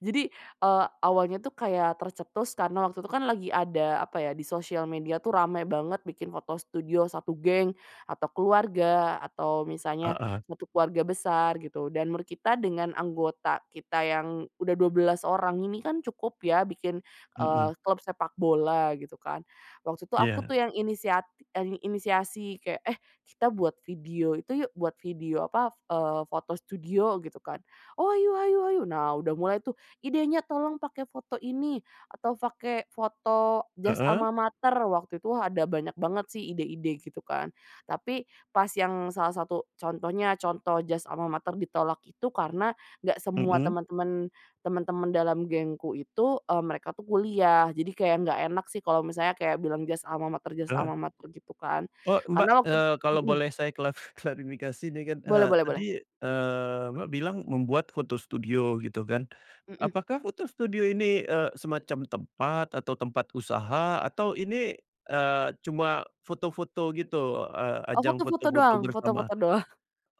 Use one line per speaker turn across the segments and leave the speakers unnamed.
Jadi, eee, awalnya tuh kayak tercetus karena waktu itu kan lagi, ada apa ya, di sosial media tuh rame banget bikin foto studio satu geng, atau keluarga atau misalnya,
Heeh.
satu keluarga besar, gitu. Dan menurut kita dengan anggota kita yang, udah 12 orang ini kan cukup ya, bikin, eee,
Mhm.
klub sepak bola, gitu kan. Waktu itu aku
Iya.
tuh yang inisiat e inisiasi, kayak, "Eh kita buat video itu yuk, buat video apa, eee, foto studio," gitu kan. "Oh, ayo ayo ayo." Nah udah mulai tuh, idenya, "Tolong pakai foto ini, atau pakai foto jas
Heeh.
almamater," waktu itu ada banyak banget sih ide-ide, gitu kan. Tapi, pas yang salah satu contohnya, contoh jas almamater ditolak itu karena, nggak semua
Mhm.
teman-teman teman-teman dalam gengku itu, e mereka tuh kuliah, jadi kayak nggak enak sih kalau misalnya kayak bilang jas almamater jas
Heeh.
almamater gitu kan,
Oh, Mbak,
karena waktu
eee, kalau
mhm.
boleh saya klaf klarifikasi ini kan,
Boleh
eee,
boleh
tadi,
boleh.
eee, Mbak bilang membuat foto studio, gitu kan.
Mhm.
Apakah foto studio ini, eee, semacam tempat, atau tempat usaha, atau ini, eee, cuma foto-foto gitu, eee,
Oh
ajang
foto-foto
foto-foto
doang
bersama?
foto-foto doang.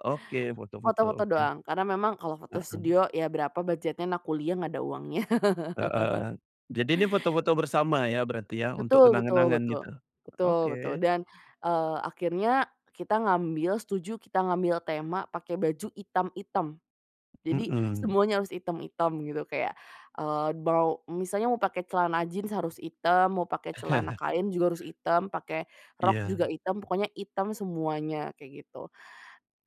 Oke, foto-foto,
Foto-foto
oke.
doang. Karena memang kalau foto
Heeh.
studio, ya berapa budget-nya anak kuliah, nggak ada uangnya.
Heeh, jadi ini foto-foto bersama ya, berarti ya, untuk
Betul betul
kenang-kenangan
betul,
gitu,
betul betul
oke.
dan, eee, akhirnya, kita ngambil, setuju kita ngambil tema pakai baju hitam-hitam. Jadi,
Mhm.
semuanya harus hitam-hitam gitu, kayak, eee, mau misalnya mau pakai celana jeans harus hitam, mau pakai celana kain juga harus hitam, pakai rok, juga
Iya.
hitam, pokoknya hitam semuanya, kayak gitu.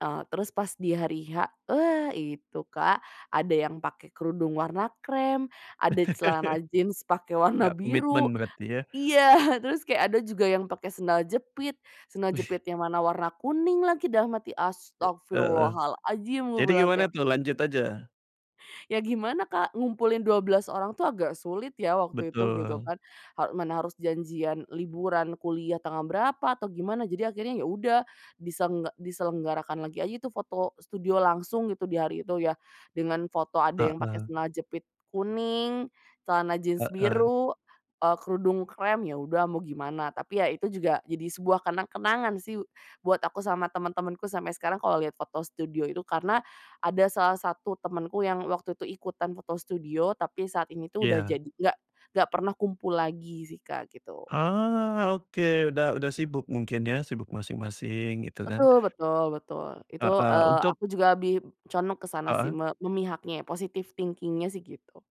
Eee, terus pas di hari H, eee, wa itu Kak, ada yang pake kerudung warna krem, ada celana jeans pake warna
Nggak
biru.
komitmen berarti ya.
Iya, terus kayak ada juga yang pake sendal jepit, sendal
Wih.
jepit yang mana warna kuning lagi, dalam hati,
E heeh,
astaghfirullahal'adzim, gua
jadi
bilang
gimana
kayak
tuh, lanjut aja.
Ya gimana Kak, ngumpulin 12 orang tuh agak sulit ya waktu itu, gitu
Betul.
kan, ha mana harus janjian liburan kuliah tanggal berapa, atau gimana jadi akhirnya ya udah, disengga diselenggarakan lagi aja itu foto studio langsung gitu, di hari itu, ya, dengan foto ada yang pake
Heeh.
celana jepit kuning, celana jeans
Heeh.
biru, eee, kerudung krem, ya udah mau gimana. Tapi ya itu juga, jadi sebuah kenang-kenangan sih, buat aku sama teman-temanku sampai sekarang kalau lihat foto studio itu, karena, ada salah satu temanku yang waktu itu ikutan foto studio, tapi saat ini tuh udah
Iya.
jadi nggak nggak pernah kumpul lagi sih Kak, gitu.
Ah oke. Udah udah sibuk mungkin ya, sibuk masing-masing, gitu kan.
Betul betul betul. Itu,
Heeh,
eee,
untuk
aku juga lebih condong ke sana sih,
Heeh.
me memihaknya, positif thinking-nya sih gitu.